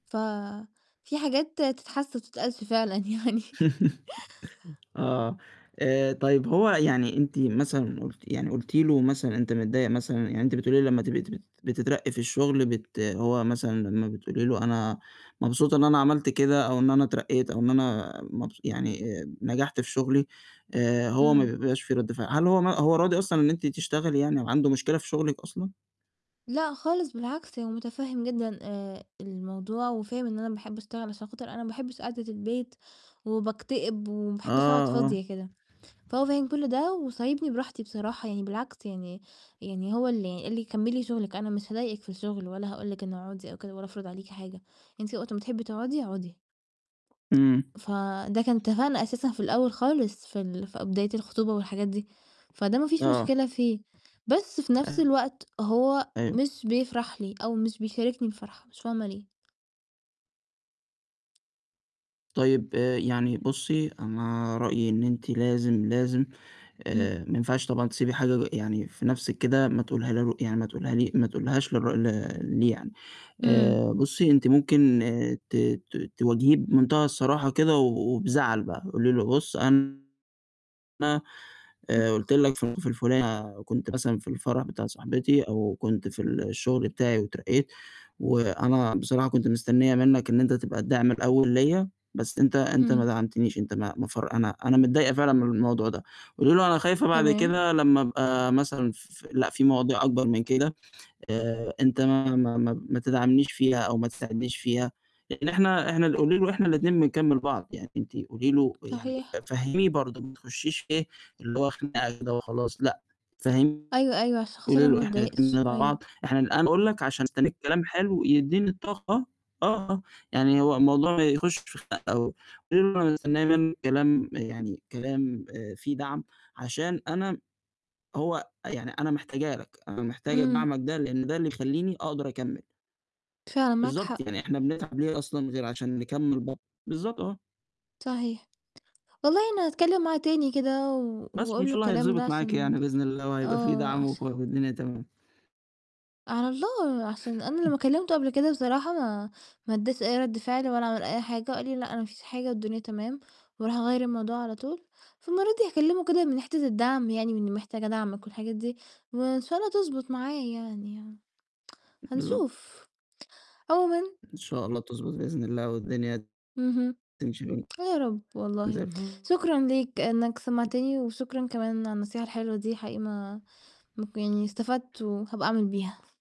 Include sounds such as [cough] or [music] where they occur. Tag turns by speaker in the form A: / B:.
A: ففي حاجات تتحس وما تتقالش فعلًا يعني.
B: [chuckles] آه. آآ، طيب، هو يعني أنتِ مثلًا قُلتِ يعني قُلتِ له مثلًا: "أنت متضايِّق مثلًا" يعني، أنتِ بتقولي لي لمَّا تبقي تبقي بتترقَّي في الشغل، بت هو مثلًا لمَّا بتقولي له: "أنا مبسوطة إن أنا عملت كده، أو إن أنا اترقَّيت، أو إن أنا مبس يعني، نجحت في شغلي،" آآ، هو ما
A: إمم.
B: بيبقاش في رد فعل، هل هو ما هو راضي أصلًا إن أنتِ تشتغلي يعني وعنده مشكلة في شغلِك أصلًا؟
A: لأ خالص، بالعكس هو متفهِّم جدًا آآ، الموضوع، وفاهم إن أنا باحب أشتغل، عشان خاطر أنا ما باحبش قاعدة البيت، وباكتئب، وما باحبش أقعد
B: آه، آه.
A: فاضية كده. فهو فاهم كل ده، وسايبني براحتي بصراحة، يعني بالعكس يعني يعني هو اللي قال لي: "كمِّلي شغلِك، أنا مش هاضايقِك في الشغل، والّا هاقول لِك إنه أقعدي أو كده ولا أفرض عليكِ حاجة، أنتِ وقت ما تحبي تقعدي، أقعدي."
B: امم.
A: فده كان اتفاقنا أساسًا في الأول خالص، في ال في أ بداية الخطوبة والحاجات دي. فده ما فيش
B: آه.
A: مشكلة فيه، بس في نفس الوقت، هو
B: أيوه.
A: مش بيفرح لي، أو مش بيشاركني الفرحة، مش فاهمة ليه.
B: طيب، آآ، يعني بُصّي، أنا رأيي إن أنتِ لازم، لازم،
A: امم.
B: آآ، ما ينفعش طبعًا تسيبي حاجة يعني في نفسِك كده، ما تقوليها لو يعني ما تقولها لي ما تقولهاش لر ل ليه يعني.
A: امم.
B: آآ، بُصّي، أنت ممكن ت ت تواجهيه بمنتهى الصراحة كده، و وبزعل بقى، قولي له بُص، أنا
A: ام
B: آآ قُلت لك في ال في الفلانة كنت مثلًا في الفرح بتاع صاحبتي، أو كنت في الشغل بتاعي واترقَّيت، وأنا بصراحة كنت مستنِّية منك إن أنت تبقى الداعم الأول ليَّا، بس أنت أنت ما
A: امم.
B: دعمتنيش، أنت ما ما فر أنا أنا متضايِّقة فعلًا من الموضوع ده. وقولي له أنا خايفة بعد
A: تمام.
B: كده لمَّا أبقى مثلًا ف لأ، في مواضيع أكبر من كده، آآ، أنت ما ما ما ما تدعمنيش فيها، أو ما تساعدنيش فيها، يعني إحنا،-إحنا قولي له إحنا الاتنين بنكمِّل بعض. يعني أنتِ قولي له يعني،
A: صحيح.
B: فهِّميه برضه، ما تخشيش إيه، اللي هو، خناقة كده وخلاص، لأ، فهميه
A: أيوه، أيوه، عشان خاطر
B: قولي
A: أنا
B: له
A: ما
B: إحنا الاتنين
A: أتضايقش،
B: بندعم
A: أيوه.
B: بعض، إحنا أنا أقول لك عشان مستنِّية كلام حلو يدِّيني الطاقة آه، يعني هو الموضوع ما يخُشش في خناق أوي. قولي له أنا مستنية منك كلام يعني كلام آآ، فيه دعم، عشان أنا هو يعني أنا محتاجه لك، أنا محتاجة
A: امم.
B: دعمك ده، لأن ده اللي يخلِّيني أقدر أكمِّل.
A: فعلًا، معاك
B: بالضبط،
A: حق.
B: يعني إحنا بنتعب ليه أصلًا غير عشان نكمل ب بالضبط، آه.
A: صحيح. والله أنا هاتكلم معاه تاني كده، و
B: بس وإن
A: وأقول
B: شاء
A: له
B: الله
A: الكلام ده
B: هيتضبط معاكِ
A: عشان
B: يعني بإذن الله وهيبقى في
A: آه،
B: دعم وك
A: عشا
B: والدنيا تمام.
A: على الله، عشان أنا لمَّا كلَّمته قبل كده بصراحة، ما ما اداش أي رد فعل، ولا عمل أي حاجة وقال لي: "لأ، أنا ما فيش حاجة، والدنيا تمام." وراح غيَّر الموضوع على طول، فالمرة دي هاكلِّمه كده، من حتة الدعم يعني، من إني محتاجة دعمك والحاجات دي، وإن شاء الله تضبط معايا يعني. [tsk]
B: بالضبط.
A: هنشوف. عمومًا
B: إن شاء الله تضبط بإذن الله، والدنيا
A: اهم.
B: تمشي
A: يا رب والله،
B: زي الف
A: شكرًا ليك إنك سمعتني، وشكرًا كمان على النصيحة الحلوة دي، حقيقي ما مك يعني استفدت وهابقى أعمل بيها.